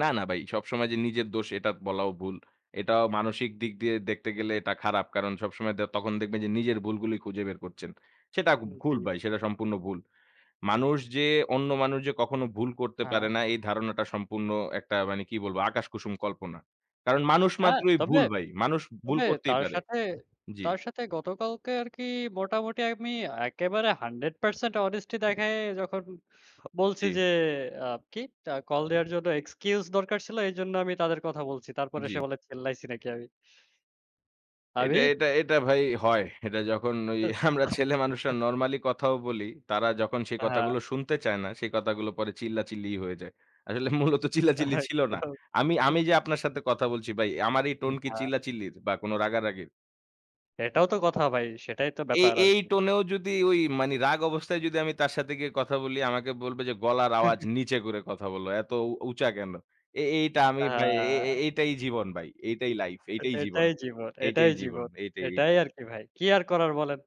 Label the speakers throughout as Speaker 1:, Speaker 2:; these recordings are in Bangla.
Speaker 1: না, না ভাই সবসময় যে, নিজের দোষ এটা বলাও ভুল। এটাও মানসিক দিক দিয়ে দেখতে গেলে এটা খারাপ। কারণ সবসময় দে তখন দেখবেন যে, নিজের ভুলগুলি খুঁজে বের করছেন। সেটা গ
Speaker 2: উম
Speaker 1: ভুল
Speaker 2: জি।
Speaker 1: ভাই, সেটা সম্পূর্ণ ভুল। মানুষ যে, অন্য মানুষ যে, কখনো ভুল করতে পারে
Speaker 2: হ্যাঁ।
Speaker 1: না এই ধারণাটা সম্পূর্ণ একটা মানে কি বলব আকাশ কুসুম কল্পনা। কারণ মানুষ
Speaker 2: অ্যা
Speaker 1: মাত্রই
Speaker 2: তবে,
Speaker 1: ভুল ভাই মানুষ ভুল
Speaker 2: তবে
Speaker 1: করতেই
Speaker 2: তার
Speaker 1: পারে
Speaker 2: সাথে
Speaker 1: জি।
Speaker 2: তার সাথে গতকালকে আর কি মোটামুটি আমি একেবারে 100% honesty দেখায়ে যখন বলছি
Speaker 1: জি।
Speaker 2: যে, আ কি আ কল দেয়ার জন্য excuse দরকার ছিল এইজন্য আমি তাদের কথা বলছি। তারপর
Speaker 1: জি।
Speaker 2: সে বলে চেল্লাইছি নাকি আমি,
Speaker 1: এটা,
Speaker 2: আমি।
Speaker 1: এটা, এটা ভাই হয় এটা যখন ওই আমরা ছেলে মানুষরা নরমালি কথাও বলি, তারা যখন সে
Speaker 2: আ
Speaker 1: কথা
Speaker 2: হা
Speaker 1: গুলো শুনতে চায় না, সে কথা গুলো পরে চিল্লাচিল্লিই হয়ে যায়। আসলে মূলত চিল্লাচিল্লি ছিল না। আমি, আমি
Speaker 2: [unintelligible]
Speaker 1: যে, আপনার সাথে কথা বলছি ভাই, আমার এই
Speaker 2: উম
Speaker 1: টোন কি
Speaker 2: হা
Speaker 1: চিল্লাচিল্লির? বা কোন রাগারাগির?
Speaker 2: এটাও তো কথা ভাই, সেটাই তো
Speaker 1: এই,
Speaker 2: ব্যাপার
Speaker 1: এই
Speaker 2: আরকি।
Speaker 1: টোনেও যদি ওই মানে রাগ অবস্থায় যদি আমি তার সাথে গিয়ে কথা বলি আমাকে বলবে যে, গলার
Speaker 2: হু,
Speaker 1: আওয়াজ
Speaker 2: হুম।
Speaker 1: নিচে করে কথা বললো এত উ উঁচা কেন? এ এইটা আমি
Speaker 2: আ
Speaker 1: ভাই এ, এ এটাই জীবন ভাই এটাই লাইফ এটাই জীবন,
Speaker 2: এটাই জীবন,
Speaker 1: এটাই
Speaker 2: এটাই
Speaker 1: জীবন
Speaker 2: জীবন,
Speaker 1: এটাই,
Speaker 2: এটাই
Speaker 1: এটাই।
Speaker 2: আরকি ভাই কি আর করার বলেন।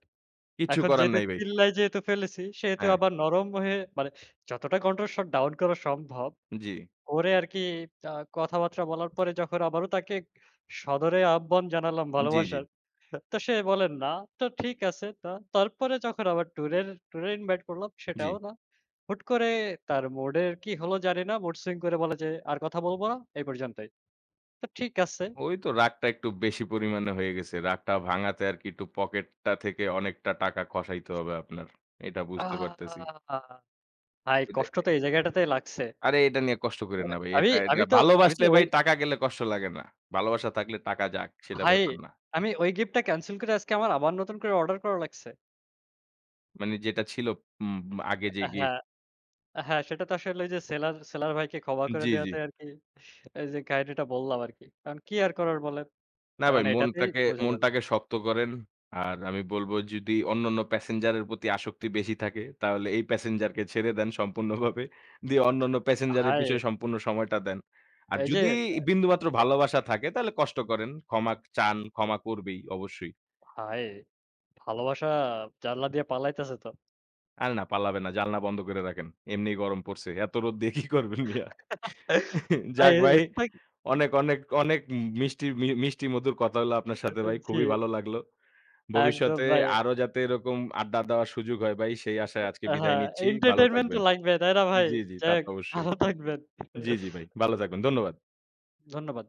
Speaker 1: কিচ্ছু
Speaker 2: এখন
Speaker 1: করার
Speaker 2: যেহেতু
Speaker 1: নাই ভাই।
Speaker 2: চিল্লায় যেহেতু ফেলেছি সেহেতু
Speaker 1: হ্যাঁ।
Speaker 2: আবার নরম হয়ে মানে যতটা কন্ট্রোল শট ডাউন করা সম্ভব
Speaker 1: জি।
Speaker 2: করে আরকি আ কথাবার্তা বলার পরে যখন আবারো তাকে সদরে আহ্বান জানালাম
Speaker 1: জি, জি।
Speaker 2: ভালোবাসার তো সে বলে না তো ঠিক আছে তা তারপরে যখন আবার ট্যুরের, ট্যুরে ইনভাইট করলাম
Speaker 1: জি।
Speaker 2: সেটাও না। হুট করে তার mood এর কি হল জানি না। mood swing করে বলে যে, আর কথা বলবো না এই পর্যন্তই। তো ঠিক আছে।
Speaker 1: ওই তো রাগটা একটু বেশি পরিমাণে হয়ে গেছে রাগটা ভাঙাতে আরকি একটু পকেটটা থেকে অনেকটা টাকা খসাইতে হবে আপনার এটা
Speaker 2: আ
Speaker 1: বুঝতে পারতেছি।
Speaker 2: ভাই
Speaker 1: এতে
Speaker 2: কষ্ট তো
Speaker 1: অ্যা
Speaker 2: এই জায়গাটাতেই লাগছে।
Speaker 1: আরে এটা নিয়ে কষ্ট কইরেন
Speaker 2: মানে
Speaker 1: না ভাই।
Speaker 2: আমি,
Speaker 1: এটা, এটা
Speaker 2: আমি তো আমি তো
Speaker 1: ভালোবাসলে ভাই
Speaker 2: [unintelligible]
Speaker 1: টাকা গেলে কষ্ট লাগে না ভালোবাসা থাকলে টাকা যাক সেটা
Speaker 2: ভাই,
Speaker 1: ব্যাপার না।
Speaker 2: আমি ওই গিফটটা ক্যানসেল করে আজকে আমার আবার নতুন করে অর্ডার করা লাগছে।
Speaker 1: মানে যেটা ছিল উম, উম আগে যে,
Speaker 2: অ্যা
Speaker 1: গিফট?
Speaker 2: হ্যাঁ, হ্যাঁ, সেটা তো আসলে ওইযে সেলার, সেলার ভাইকে ক্ষমা
Speaker 1: জি,
Speaker 2: করে
Speaker 1: জি।
Speaker 2: দেওয়াতে আরকি, এই যে, কাহিনীটা বললাম আরকি। এখন কি আর করার বলেন?
Speaker 1: না
Speaker 2: এখন
Speaker 1: ভাই
Speaker 2: এটাতেই
Speaker 1: মনটাকে,
Speaker 2: বোঝা যাবে।
Speaker 1: মনটাকে শক্ত করেন। আর আমি বলবো যদি অন্যান্য প্যাসেঞ্জারের প্রতি আসক্তি বেশি থাকে তাহলে এই প্যাসেঞ্জার কে ছেড়ে দেন সম্পূর্ণভাবে। দিয়ে অন্যান্য প্যাসেঞ্জার এর
Speaker 2: ভাই।
Speaker 1: পিছনে সম্পূর্ণ সময়টা দেন। আর
Speaker 2: এই যে,
Speaker 1: যদি
Speaker 2: দা
Speaker 1: বিন্দুমাত্র
Speaker 2: এক
Speaker 1: ভালোবাসা থাকে তাহলে কষ্ট করেন। ক্ষমা চান। ক্ষমা করবেই অবশ্যই।
Speaker 2: ভাই, ভালোবাসা জানালা দিয়া পালাইতেছে তো।
Speaker 1: আরে না পালাবেন না জানালা বন্ধ কইরা রাখেন এমনি গরম পড়ছে এত রোদ্দ দিয়ে কি করবেন মিয়া।
Speaker 2: ভাই,
Speaker 1: যাক ভাই,
Speaker 2: ভাই?
Speaker 1: অনেক, অনেক, অনেক মি মিষ্টি, মি মিষ্টি মধুর কথা হইলো আপনার সাথে
Speaker 2: আচ্ছা
Speaker 1: ভাই
Speaker 2: জি।
Speaker 1: খুবই ভালো লাগলো।
Speaker 2: একদম,
Speaker 1: ভবিষ্যতে
Speaker 2: ভাই।
Speaker 1: আরো যাতে এরকম আড্ডা দেওয়ার সুযোগ হয় ভাই সেই আশায় আজকে বিদায়
Speaker 2: হ্যাঁ,
Speaker 1: নিচ্ছি। ভালো
Speaker 2: entertainment তো
Speaker 1: থাকবেন।
Speaker 2: লাগবে তাই না ভাই
Speaker 1: জি, জি, তা
Speaker 2: যাই হোক,
Speaker 1: তো অবশ্যই
Speaker 2: ভালো থাকবেন।
Speaker 1: জি, জি, ভাই ভালো থাকবেন ধন্যবাদ।
Speaker 2: ধন্যবাদ।